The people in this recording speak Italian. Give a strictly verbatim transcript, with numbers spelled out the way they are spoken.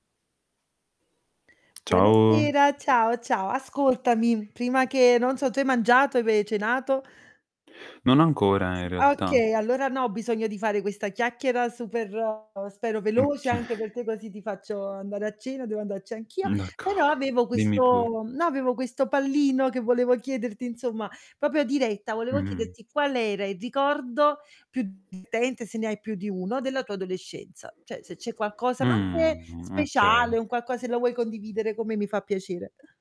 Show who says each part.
Speaker 1: Ciao.
Speaker 2: Buonasera, ciao, ciao. Ascoltami, prima che non so, tu hai mangiato? Ve cenato?
Speaker 1: Non ancora, in realtà.
Speaker 2: Okay, allora no, ho bisogno di fare questa chiacchiera super spero veloce,
Speaker 1: mhche.
Speaker 2: anche perchè così ti faccio andare a cena, devo andarci anch'io. Però
Speaker 1: D'accordo,
Speaker 2: avevo
Speaker 1: dimmi pure.
Speaker 2: questo no, avevo questo pallino che volevo chiederti, insomma, popio diretta, volevo
Speaker 1: Mh-mh.
Speaker 2: chiederti qual era il ricordo più divertente se ne hai più di uno, della tua adolescenza. ceh, se c'è qualcosa, ma anche
Speaker 1: Mhmm,
Speaker 2: speciale,
Speaker 1: okay.
Speaker 2: un qualcos se la vuoi condividere con me mi fa piacere.